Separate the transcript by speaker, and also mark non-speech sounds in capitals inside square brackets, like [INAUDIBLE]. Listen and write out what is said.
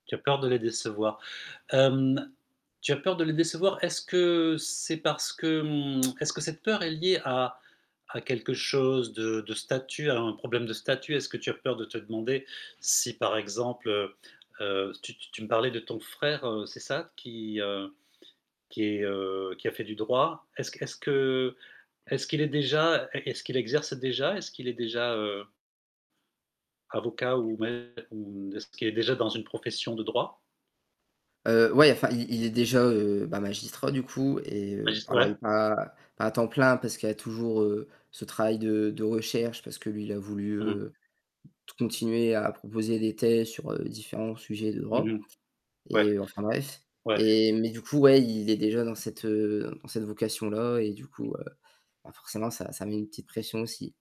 Speaker 1: Tu as peur de les décevoir. Hem, tu as peur de les décevoir, est-ce que c'est parce que, mmh [TSK] est-ce que cette peur est liée à à quelque chose de de statut, à un problème de statut? Est-ce que tu as peur de te demander si par exemple, heu heu, tu tu tu me parlais de ton frère, heu, c'est ça, qui, heu, qui est, heu, qui a fait du droit? Est-ce que est-ce que est-ce qu'il est déjà e est-ce qu'il exerce déjà? Est-ce qu'il est déjà, heu avocat ou même ou est-ce qu'il est déjà dans une profession de droit?
Speaker 2: Heu, ouais enfin il il est déjà, heu, bah, magistrat, du coup et heu,
Speaker 1: Magistr
Speaker 2: alors il
Speaker 1: ouais.
Speaker 2: est pas pas à temps plein parce qu'il y a toujours, heu, ce travail de de recherche parce que lui il a voulu,
Speaker 1: Mmh mh.
Speaker 2: heu, t continuer à proposer des thèses sur, heu, différents sujets de
Speaker 1: Mmh
Speaker 2: droit
Speaker 1: mh. Ouais,
Speaker 2: et enfin bref,
Speaker 1: ouais.
Speaker 2: et mais du coup, ouais, il est déjà dans cette, heu, dans cette vocation-là et du coup, heu, bah, forcément ça ça met une petite pression aussi.